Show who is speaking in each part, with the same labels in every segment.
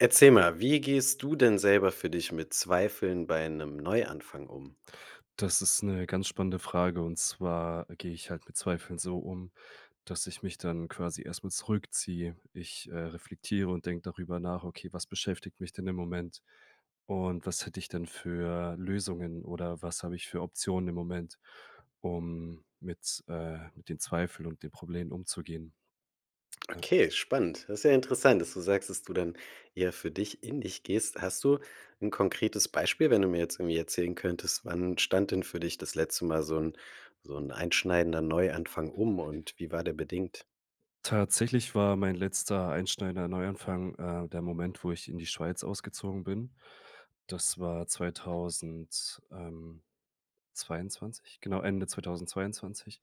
Speaker 1: Erzähl mal, wie gehst du denn selber für dich mit Zweifeln bei 'nem Neuanfang um?
Speaker 2: Das ist 'ne ganz spannende Frage. Und zwar gehe ich halt mit Zweifeln so um, dass ich mich dann quasi erst mal zurückziehe. Ich, äh, reflektiere und denke darüber nach: „Okay, was beschäftigt mich denn im Moment und was hätte ich denn für Lösungen oder was habe ich für Optionen im Moment, um mit äh, mit den Zweifeln und den Problemen umzugehen?“
Speaker 1: Okay, spannend. Das ist ja interessant, dass du sagst, dass du dann eher für dich in dich gehst. Hast du 'n konkretes Beispiel, wenn du mir jetzt irgendwie erzählen könntest, wann stand denn für dich das letzte Mal so 'n so 'n einschneidender Neuanfang um und wie war der bedingt?
Speaker 2: Tatsächlich war mein letzter einschneidender Neuanfang, äh, der Moment, wo ich in die Schweiz ausgezogen bin. Das war 2000 ähm, 22, genau Ende 2022.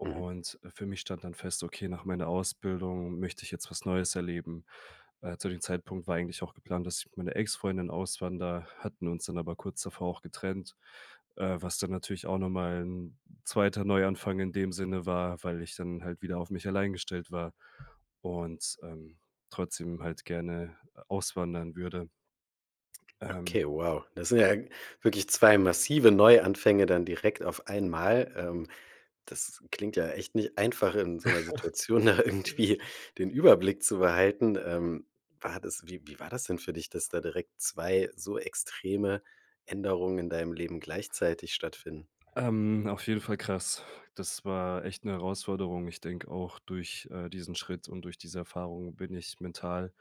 Speaker 1: Mhm.
Speaker 2: äh, für mich stand dann fest: „Okay, nach meiner Ausbildung möchte ich jetzt was Neues erleben.“ Äh, zu dem Zeitpunkt war eigentlich auch geplant, dass ich mit meiner Ex-Freundin auswander, hatten uns dann aber kurz davor auch getrennt, äh, was dann natürlich auch noch mal 'n 2 Neuanfang in dem Sinne war, weil ich dann halt wieder auf mich allein gestellt war und, ähm, trotzdem halt gerne auswandern würde. Ähm
Speaker 1: Okay, wow. Das sind ja wirklich 2 massive Neuanfänge dann direkt auf einmal. Ähm, das klingt ja echt nicht einfach, in so 'ner Situation da
Speaker 2: Äh
Speaker 1: irgendwie den Überblick zu behalten. Ähm, war das wie wie war das denn für dich, dass da direkt 2 so extreme Änderungen in deinem Leben gleichzeitig stattfinden?
Speaker 2: Ähm, auf jeden Fall krass. Das war echt 'ne Herausforderung. Ich denke auch, durch, äh, diesen Schritt und durch diese Erfahrung bin ich mental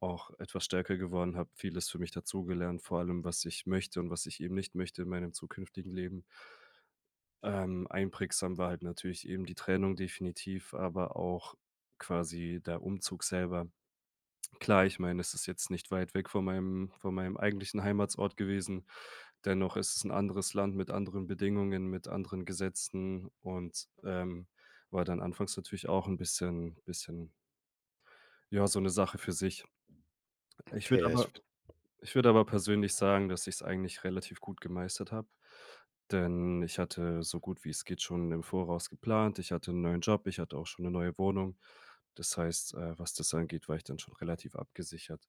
Speaker 2: auch etwas stärker geworden, habe vieles für mich dazugelernt, vor allem, was ich möchte und was ich eben nicht möchte in meinem zukünftigen Leben. Ähm, einprägsam war halt natürlich eben die Trennung definitiv, aber auch quasi der Umzug selber. Klar, ich meine, das ist jetzt nicht weit weg von meinem von meinem eigentlichen Heimatsort gewesen, dennoch ist es 'n anderes Land mit anderen Bedingungen, mit anderen Gesetzen und, ähm, war dann anfangs natürlich auch 'n bisschen bisschen ja, so 'ne Sache für sich. Ich würde
Speaker 1: Okay, ja, ich
Speaker 2: aber
Speaker 1: v
Speaker 2: ich würde aber persönlich sagen, dass ich's eigentlich relativ gut gemeistert habe, denn ich hatte so gut wie es geht schon im Voraus geplant. Ich hatte 'n neuen Job, ich hatte auch schon 'ne neue Wohnung. Das heißt, äh, was das angeht, war ich dann schon relativ abgesichert.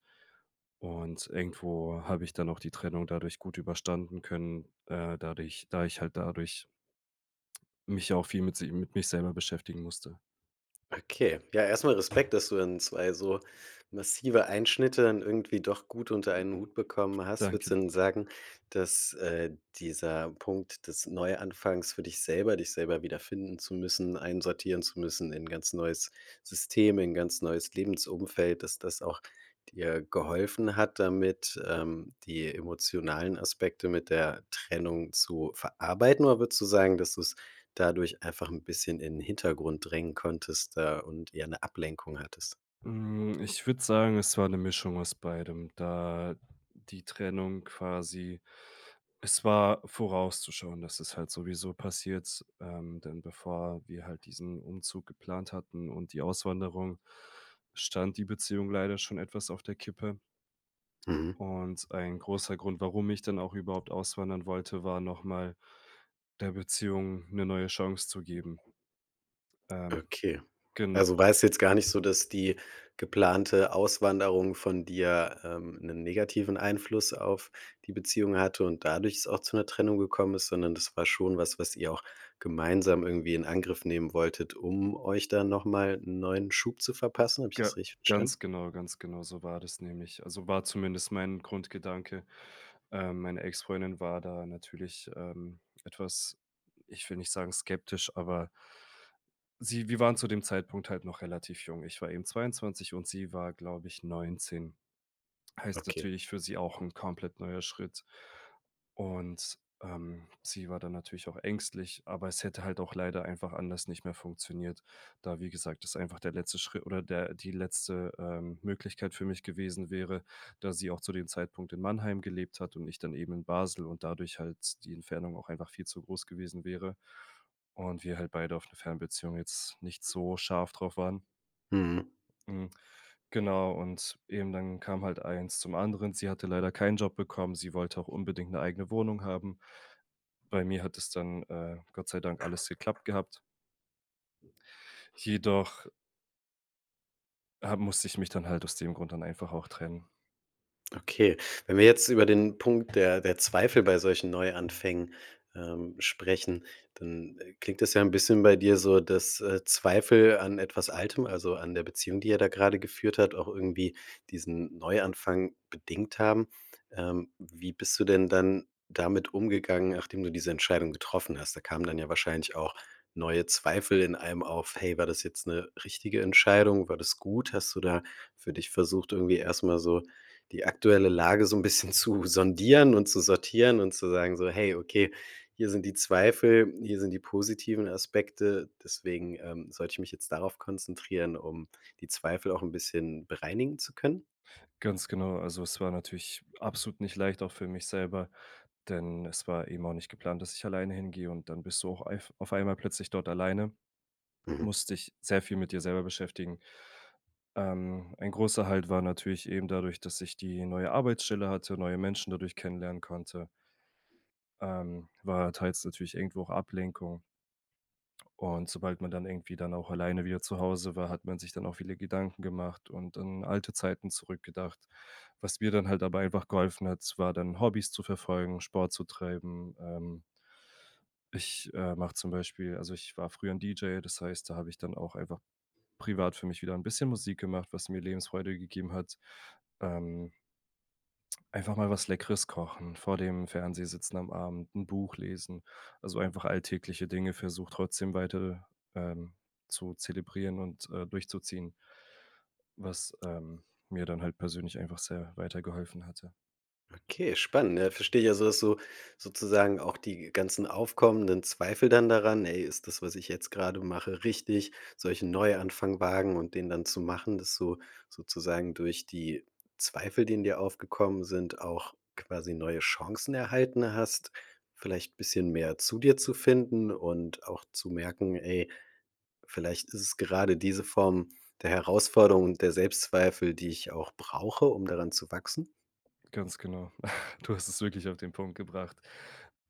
Speaker 2: Und irgendwo habe ich dann auch die Trennung dadurch gut überstanden können, äh, dadurch da ich halt dadurch mich auch viel mit si mit mich selber beschäftigen musste.
Speaker 1: Okay. Ja, erst mal Respekt, dass du dann 2 so massive Einschnitte dann irgendwie doch gut unter einen Hut bekommen hast.
Speaker 2: Danke,
Speaker 1: Würdest du denn
Speaker 2: danke.
Speaker 1: sagen, dass, äh, dieser Punkt des Neuanfangs für dich selber, dich selber wiederfinden zu müssen, einsortieren zu müssen in ganz neues System, in ganz neues Lebensumfeld, dass das auch dir geholfen hat damit, ähm, die emotionalen Aspekte mit der Trennung zu verarbeiten, oder würdest du sagen, dass du's dadurch einfach 'n bisschen in den Hintergrund drängen konntest, äh, und eher 'ne Ablenkung hattest?
Speaker 2: Hm, ich würde sagen, es war 'ne Mischung aus beidem, da die Trennung quasi es war vorauszuschauen, dass es halt sowieso passiert, ähm, denn bevor wir halt diesen Umzug geplant hatten und die Auswanderung, stand die Beziehung leider schon etwas auf der Kippe.
Speaker 1: Mhm.
Speaker 2: Und ein großer Grund, warum ich dann auch überhaupt auswandern wollte, war noch mal, der Beziehung 'ne neue Chance zu geben. Ähm.
Speaker 1: Okay,
Speaker 2: Genau..
Speaker 1: also
Speaker 2: [unintelligible]
Speaker 1: war es jetzt gar nicht so, dass die geplante Auswanderung von dir, ähm, 'nen negativen Einfluss auf die Beziehung hatte und dadurch es auch zu 'ner Trennung gekommen ist, sondern das war schon was, was ihr auch gemeinsam irgendwie in Angriff nehmen wolltet, um euch da noch mal 'n neuen Schub zu verpassen. Habe ich
Speaker 2: G
Speaker 1: das richtig verstanden?
Speaker 2: ganz genau ganz genau so war das nämlich. Also war zumindest mein Grundgedanke. Ähm, meine Ex-Freundin war da natürlich, ähm, etwas ich will nicht sagen, skeptisch, aber sie wir waren zu dem Zeitpunkt halt noch relativ jung. Ich war eben 22 und sie war, glaube ich, 19. Heißt
Speaker 1: Okay.
Speaker 2: natürlich für sie auch 'n komplett neuer Schritt. Und, ähm, sie war dann natürlich auch ängstlich, aber es hätte halt auch leider einfach anders nicht mehr funktioniert. Da wie gesagt, das einfach der letzte Schritt oder der die letzte, ähm, Möglichkeit für mich gewesen wäre, da sie auch zu dem Zeitpunkt in Mannheim gelebt hat und ich dann eben in Basel und dadurch halt die Entfernung auch einfach viel zu groß gewesen wäre und wir halt beide auf 'ne Fernbeziehung jetzt nicht so scharf drauf waren.
Speaker 1: Mhm.
Speaker 2: Mm, genau, und eben dann kam halt eins zum anderen. Sie hatte leider keinen Job bekommen. Sie wollte auch unbedingt 'ne eigene Wohnung haben. Bei mir hat es dann, äh, Gott sei Dank alles geklappt gehabt. Jedoch ha musste ich mich dann halt aus dem Grund dann einfach auch trennen.
Speaker 1: Okay, wenn wir jetzt über den Punkt der der Zweifel bei solchen Neuanfängen, ähm, sprechen, dann, äh, klingt das ja 'n bisschen bei dir so, dass, äh, Zweifel an etwas Altem, also an der Beziehung, die ihr da gerade geführt habt, auch irgendwie diesen Neuanfang bedingt haben. Ähm, wie bist du denn dann damit umgegangen, nachdem du diese Entscheidung getroffen hast? Da kamen dann ja wahrscheinlich auch neue Zweifel in einem auf: Hey, war das jetzt 'ne richtige Entscheidung? War das gut? Hast du da für dich versucht, irgendwie erst mal so die aktuelle Lage so 'n bisschen zu sondieren und zu sortieren und zu sagen, so: „Hey, okay, hier sind die Zweifel. hier sind die positiven Aspekte. Deswegen, ähm, sollte ich mich jetzt darauf konzentrieren, um die Zweifel auch 'n bisschen bereinigen zu können.“
Speaker 2: Ganz genau. Also es war natürlich absolut nicht leicht auch für mich selber, denn es war eben auch nicht geplant, dass ich alleine hingehe und dann bist du auch eif auf einmal plötzlich dort alleine,
Speaker 1: Mhm.
Speaker 2: musst dich sehr viel mit dir selber beschäftigen. Ähm, ein großer Halt war natürlich eben dadurch, dass ich die neue Arbeitsstelle hatte, neue Menschen dadurch kennenlernen konnte ähm, war teils natürlich irgendwo auch Ablenkung. Und sobald man dann irgendwie dann auch alleine wieder zu Hause war, hat man sich dann auch viele Gedanken gemacht und an alte Zeiten zurückgedacht. Was mir dann halt dabei einfach geholfen hat s war dann, Hobbys zu verfolgen, Sport zu treiben. Ähm ich, äh, mache zum Beispiel also ich war früher 'n DJ, das heißt, da habe ich dann auch einfach privat für mich wieder 'n bisschen Musik gemacht, was mir Lebensfreude gegeben hat. Ähm einfach mal was Leckeres kochen, vor dem Fernseher sitzen am Abend, 'n Buch lesen. Also einfach alltägliche Dinge versucht, trotzdem weiter, ähm, zu zelebrieren und, äh, durchzuziehen was, ähm, mir dann halt persönlich einfach sehr weitergeholfen hatte.
Speaker 1: Okay, spannend. Äh, versteh ich also, dass du sozusagen auch die ganzen aufkommenden Zweifel dann daran „Ey, ist das, was ich jetzt grade mache richtig? Soll ich 'nen Neuanfang wagen?“ Und den dann zu machen, dass du sozusagen durch die Zweifel, die in dir aufgekommen sind, auch quasi neue Chancen erhalten hast, vielleicht bisschen mehr zu dir zu finden und auch zu merken: „Ey, vielleicht ist es gerade diese Form der Herausforderung und der Selbstzweifel, die ich auch brauche, um daran zu wachsen?“
Speaker 2: Ganz genau. Du hast es wirklich auf den Punkt gebracht.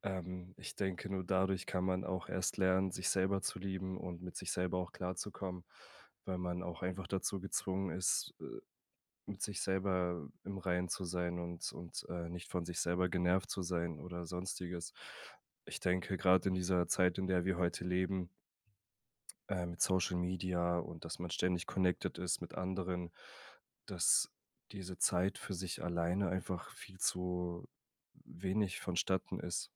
Speaker 2: Ähm, ich denke, nur dadurch kann man auch erst lernen, sich selber zu lieben und mit sich selber auch klarzukommen, weil man auch einfach dazu gezwungen ist, äh, mit sich selber im Reinen zu sein und und, äh, nicht von sich selber genervt zu sein oder Sonstiges. Ich denke grad in dieser Zeit, in der wir heute leben äh, mit Social Media und dass man ständig connected ist mit Anderen, dass diese Zeit für sich alleine einfach viel zu wenig vonstatten ist.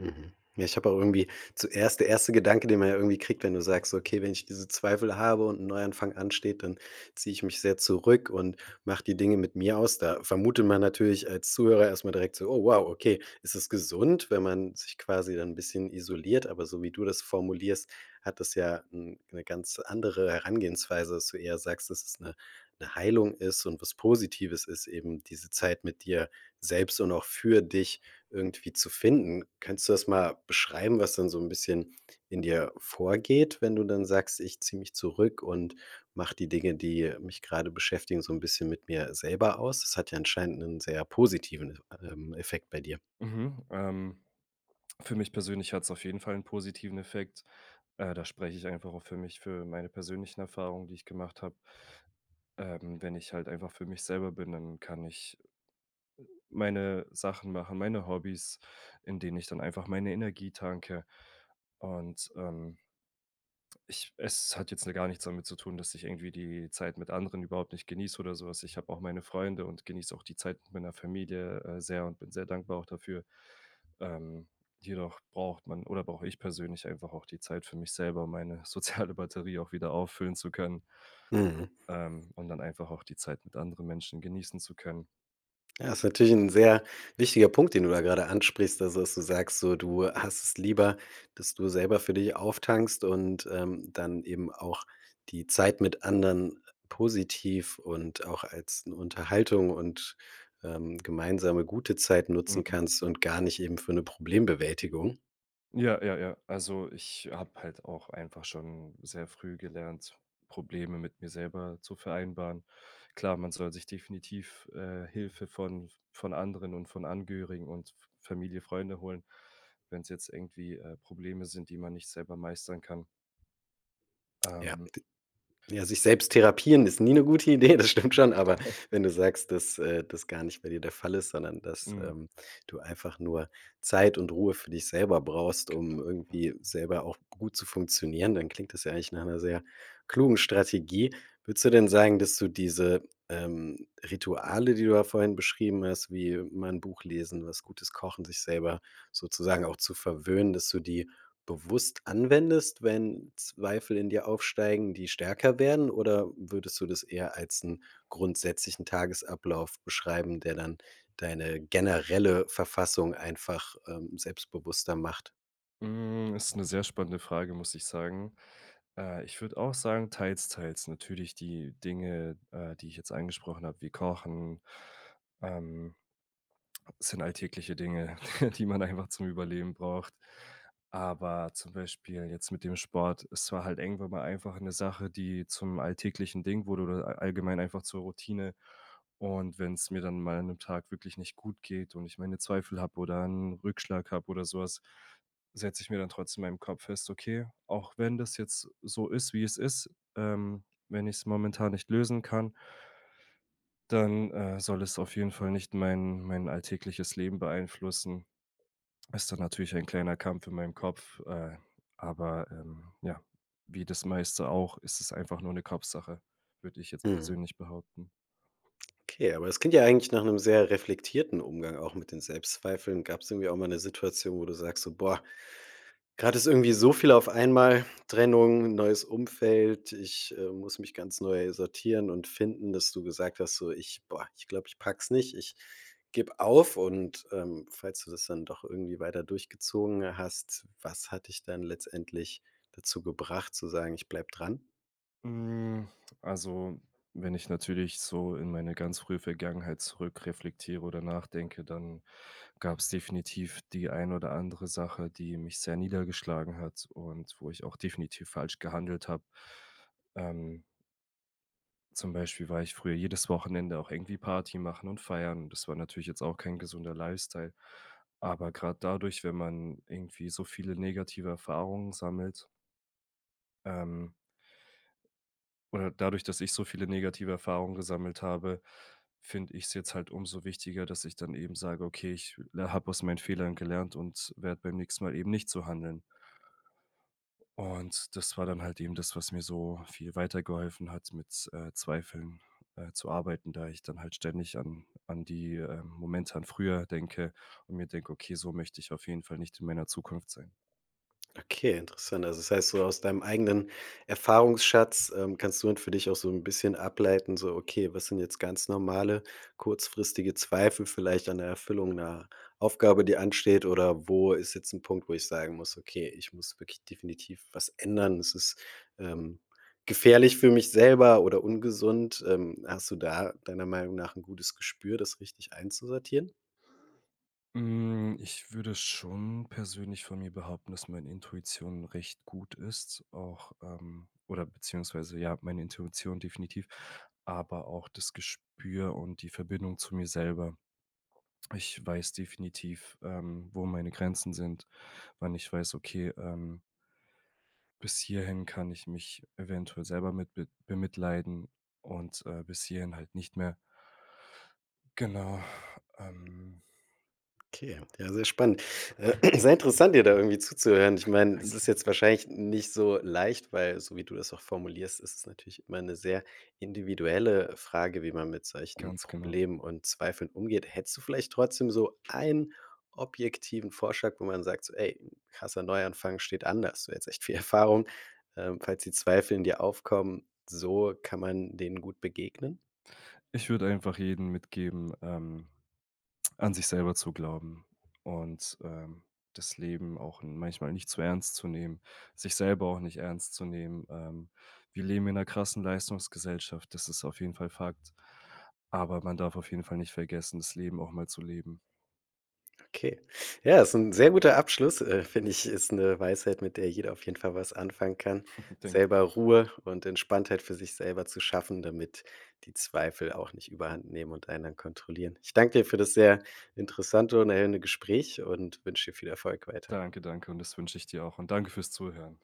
Speaker 1: Mhm. Ja, ich habe auch irgendwie zuerst der 1. Gedanke, den man ja irgendwie kriegt, wenn du sagst: „Okay, wenn ich diese Zweifel habe und 'n Neuanfang ansteht, dann ziehe ich mich sehr zurück und mache die Dinge mit mir aus.“ Da vermutet man natürlich als Zuhörer erst mal direkt so: „Oh wow, okay, ist es gesund, wenn man sich quasi dann 'n bisschen isoliert“, aber so wie du das formulierst, hat das ja 'n 'ne ganz andere Herangehensweise, dass du eher sagst, dass es 'ne 'ne Heilung ist und was Positives ist eben, diese Zeit mit dir selbst und auch für dich irgendwie zu finden. Könntest du das mal beschreiben, was dann so 'n bisschen in dir vorgeht, wenn du dann sagst: „Ich ziehe mich zurück und mache die Dinge, die mich grade beschäftigen, so 'n bisschen mit mir selber aus?“ Das hat ja anscheinend 'nen sehr positiven, äh ähm, Effekt bei dir.
Speaker 2: Mhm. Ähm, für mich persönlich hat's auf jeden Fall 'n positiven Effekt. Äh, da spreche ich einfach auch für mich, für meine persönlichen Erfahrungen, die ich gemacht habe. Ähm, wenn ich halt einfach für mich selber bin, dann kann ich meine Sachen machen, meine Hobbys, in denen ich dann einfach meine Energie tanke. Und, ähm ich es hat jetzt, ne, gar nichts damit zu tun, dass ich irgendwie die Zeit mit anderen überhaupt nicht genieße oder so was. Ich habe auch meine Freunde und genieße auch die Zeit mit meiner Familie, äh, sehr und bin sehr dankbar auch dafür. Ähm, jedoch braucht man oder brauche ich persönlich einfach auch die Zeit für mich selber, um meine soziale Batterie auch wieder auffüllen zu können
Speaker 1: Mhm.
Speaker 2: ähm, und dann einfach auch die Zeit mit anderen Menschen genießen zu können.
Speaker 1: Ja, ist natürlich 'n sehr wichtiger Punkt, den du da gerade ansprichst. Also, dass du sagst, so, du hast es lieber, dass du selber für dich auftankst und, ähm, dann eben auch die Zeit mit anderen positiv und auch als 'n Unterhaltung und, ähm, gemeinsame gute Zeit nutzen
Speaker 2: Mhm.
Speaker 1: kannst und gar nicht eben für 'ne Problembewältigung.
Speaker 2: Ja ja ja. Also ich habe halt auch einfach schon sehr früh gelernt, Probleme mit mir selber zu vereinbaren. Klar, man soll sich definitiv, äh, Hilfe von von anderen und von Angehörigen und F Familie Freunde holen, wenn's jetzt irgendwie, äh, Probleme sind, die man nicht selber meistern kann.
Speaker 1: Ja,
Speaker 2: Ähm.
Speaker 1: d ja, sich selbst therapieren ist nie 'ne gute Idee. Das stimmt schon. Aber wenn du sagst, dass, äh, das gar nicht bei dir der Fall ist, sondern dass,
Speaker 2: Mhm.
Speaker 1: ähm, du einfach nur Zeit und Ruhe für dich selber brauchst,
Speaker 2: Genau,
Speaker 1: um
Speaker 2: genau.
Speaker 1: irgendwie selber auch gut zu funktionieren, dann klingt das ja eigentlich nach 'ner sehr klugen Strategie. Würdest du denn sagen, dass du diese, ähm, Rituale, die du da vorhin beschrieben hast, wie: Mal 'n Buch lesen, was gutes Kochen, sich selber sozusagen auch zu verwöhnen. Dass du die bewusst anwendest, wenn Zweifel in dir aufsteigen, die stärker werden oder würdest du das eher als 'n grundsätzlichen Tagesablauf beschreiben, der dann deine generelle Verfassung einfach, ähm, selbstbewusster macht.
Speaker 2: Hm, ist 'ne sehr spannende Frage, muss ich sagen. Äh, ich würde auch sagen, teils, teils. Natürlich die Dinge, äh, die ich jetzt angesprochen habe, wie Kochen, ähm sind alltägliche Dinge, die man einfach zum Überleben braucht. Aber zum Beispiel jetzt mit dem Sport, es war halt irgendwann mal einfach 'ne Sache, die zum alltäglichen Ding wurde oder a allgemein einfach zur Routine. Und wenn's mir dann mal an 'nem Tag wirklich nicht gut geht und ich meine Zweifel habe oder 'n Rückschlag habe oder so was, setze ich mir dann trotzdem in meinem Kopf fest, okay, auch wenn das jetzt so ist, wie es ist, ähm, wenn ich's momentan nicht lösen kann dann, äh, soll es auf jeden Fall nicht mein mein alltägliches Leben beeinflussen. Ist dann natürlich ein kleiner Kampf in meinem Kopf, äh, aber, ähm, ja, wie das meiste auch, ist es einfach nur 'ne Kopfsache, würde ich jetzt
Speaker 1: Mhm.
Speaker 2: persönlich behaupten.
Speaker 1: Okay, aber das klingt ja eigentlich nach 'nem sehr reflektierten Umgang auch mit den Selbstzweifeln. Gab's irgendwie auch mal 'ne Situation, wo du sagst so: „Boah, grad ist irgendwie so viel auf einmal, Trennung, 'n neues Umfeld. Ich, äh, muss mich ganz neu sortieren und finden“, dass du gesagt hast so: „Ich boah, ich glaube, ich packe es nicht. Ich gebe auf. Und, ähm, falls du das dann doch irgendwie weiter durchgezogen hast, was hat dich dann letztendlich dazu gebracht zu sagen: „Ich bleibe dran“?
Speaker 2: Hm, also wenn ich natürlich so in meine ganz frühe Vergangenheit zurückreflektiere oder nachdenke, dann gab's definitiv die ein oder andere Sache, die mich sehr niedergeschlagen hat und wo ich auch definitiv falsch gehandelt habe. Ähm Zum Beispiel war ich früher jedes Wochenende auch irgendwie Party machen und feiern. Das war natürlich jetzt auch kein gesunder Lifestyle. Aber grad dadurch, wenn man irgendwie so viele negative Erfahrungen sammelt ähm oder dadurch, dass ich so viele negative Erfahrungen gesammelt habe, finde ich's jetzt halt umso wichtiger, dass ich dann eben sage: „Okay, ich la habe aus meinen Fehlern gelernt und werde beim nächsten Mal eben nicht so handeln.“ Und das war dann halt eben das, was mir so viel weitergeholfen hat mit, äh, Zweifeln, äh, zu arbeiten, da ich dann halt ständig an an die, äh, Momente an früher denke und mir denke: „Okay, so möchte ich auf jeden Fall nicht in meiner Zukunft sein.“
Speaker 1: Okay, interessant. Also das heißt so, aus deinem eigenen Erfahrungsschatz, ähm, kannst du nun für dich auch so 'n bisschen ableiten, so okay, was sind jetzt ganz normale kurzfristige Zweifel vielleicht an der Erfüllung 'ner Aufgabe, die ansteht? Oder wo ist jetzt 'n Punkt, wo ich sagen muss: „Okay, ich muss wirklich definitiv was ändern? Es ist, ähm, gefährlich für mich selber oder ungesund.“ Ähm, hast du da deiner Meinung nach 'n gutes Gespür, das richtig einzusortieren?
Speaker 2: Hm, ich würde schon persönlich von mir behaupten, dass meine Intuition recht gut ist. Auch, ähm oder beziehungsweise ja, meine Intuition definitiv, aber auch das Gespür und die Verbindung zu mir selber. Ich weiß definitiv, ähm, wo meine Grenzen sind, wann ich weiß: Okay, ähm bis hierhin kann ich mich eventuell selber mit be bemitleiden und, äh, bis hierhin halt nicht mehr. Genau. Ähm.
Speaker 1: Okay, ja, sehr spannend. Äh, sehr interessant, dir da irgendwie zuzuhören. Ich meine, das ist
Speaker 2: Danke.
Speaker 1: jetzt wahrscheinlich nicht so leicht, weil so wie du das auch formulierst, ist es natürlich immer 'ne sehr individuelle Frage, wie man mit solchen
Speaker 2: Ganz genau.
Speaker 1: Problemen und Zweifeln umgeht. Hättest du vielleicht trotzdem so einen objektiven Vorschlag, wo man sagt, so: „Ey, krasser Neuanfang steht anders. Du hättest echt viel Erfahrung. Ähm, falls die Zweifel in dir aufkommen, so kann man denen gut begegnen?“
Speaker 2: Ich würde einfach jeden mitgeben, ähm, an sich selber zu glauben und, ähm, das Leben auch n manchmal nicht zu ernst zu nehmen. Sich selber auch nicht ernst zu nehmen. Ähm, wir leben in 'ner krassen Leistungsgesellschaft, das ist auf jeden Fall Fakt. Aber man darf auf jeden Fall nicht vergessen, das Leben auch mal zu leben.
Speaker 1: Okay. Ja, ist 'n sehr guter Abschluss äh, finde ich. Ist 'ne Weisheit, mit der jeder auf jeden Fall was anfangen kann.
Speaker 2: Denke ich
Speaker 1: Selber
Speaker 2: auch.
Speaker 1: Ruhe und Entspannung für sich selber zu schaffen, damit die Zweifel auch nicht üeberhandnehmen und einen dann kontrollieren. Ich danke dir für das sehr interessante und erhellende Gespräch und wünsche dir viel Erfolg weiter.
Speaker 2: Danke. Danke. Und das wünsche ich dir auch. Und danke fürs Zuhören.